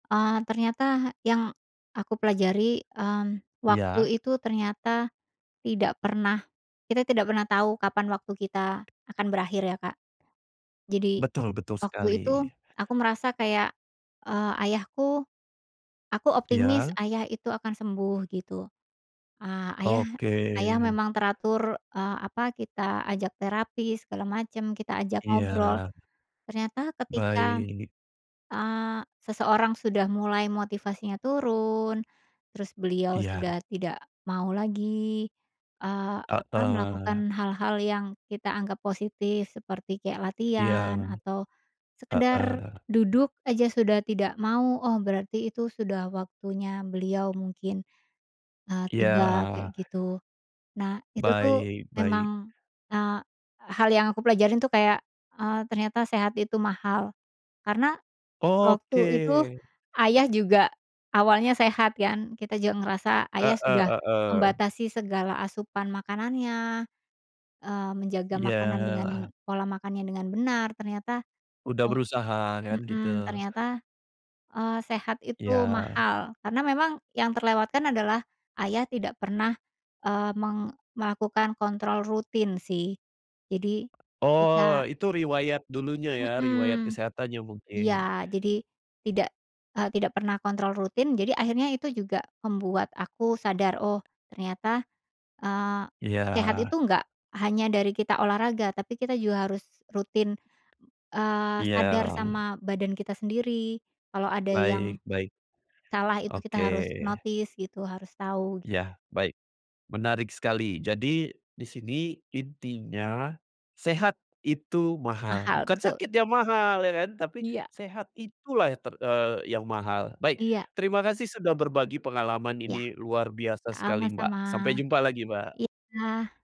Eee, ternyata yang aku pelajari, mmm, waktu Iya. itu ternyata tidak pernah kita tidak pernah tahu kapan waktu kita akan berakhir, ya, Kak. Jadi, Betul betul, waktu sekali. itu, aku merasa kayak, eee, ayahku aku optimis Iya. Ayah itu akan sembuh, gitu. Ah, Ayah Oke. Ayah memang teratur, eee, apa, kita ajak terapi, segala macem, kita ajak ngobrol. Iya. Ternyata ketika, Baik. eee, seseorang sudah mulai motivasinya turun, terus beliau Iya. sudah tidak mau lagi, eee, apa, Heeh. melakukan hal-hal yang kita anggap positif, seperti kayak Iya. latihan atau sekedar Heeh. duduk aja sudah tidak mau, oh, berarti itu sudah waktunya beliau, mungkin, eee, Iya. tiba, kayak gitu. Nah, itu tuh Baik baik. memang, eee, hal yang aku pelajarin tuh kayak, eee, ternyata sehat itu mahal. Karena, Oke. waktu itu, Ayah juga awalnya sehat, kan. Kita juga ngerasa Ayah Heeh sudah heeh. membatasi segala asupan makanannya. Eee, menjaga makanan dengan Iya. pola makannya dengan benar, ternyata, Udah oh berusaha, kan, gitu. mhm, ternyata, eee, sehat itu Iya. mahal. Karena memang yang terlewatkan adalah Ayah tidak pernah, eee, meng melakukan kontrol rutin, sih. Jadi, ketika Oh, itu riwayat dulunya ya, riwayat Mhm. kesehatannya, mungkin. Iya, jadi tidak, eee, tidak pernah kontrol rutin, jadi akhirnya itu juga membuat aku sadar, "Oh, ternyata, eee, sehat itu Iya. nggak hanya dari kita olahraga. Tapi kita juga harus rutin, eee, sadar Iya. sama badan kita sendiri, kalau ada Baik yang baik. salah itu kita Oke. harus notice, gitu, harus tahu." Ya, baik. Menarik sekali. Jadi, di sini intinya, sehat itu mahal. Mahal, Bukan betul. sakit yang mahal, ya kan? Tapi, Iya. sehat itulah yang ter eee, yang mahal. Baik, Iya. terima kasih sudah berbagi pengalaman. Iya. Ini luar biasa sekali, Sama-sama. Mbak. Sampai jumpa lagi, Mbak! Iya.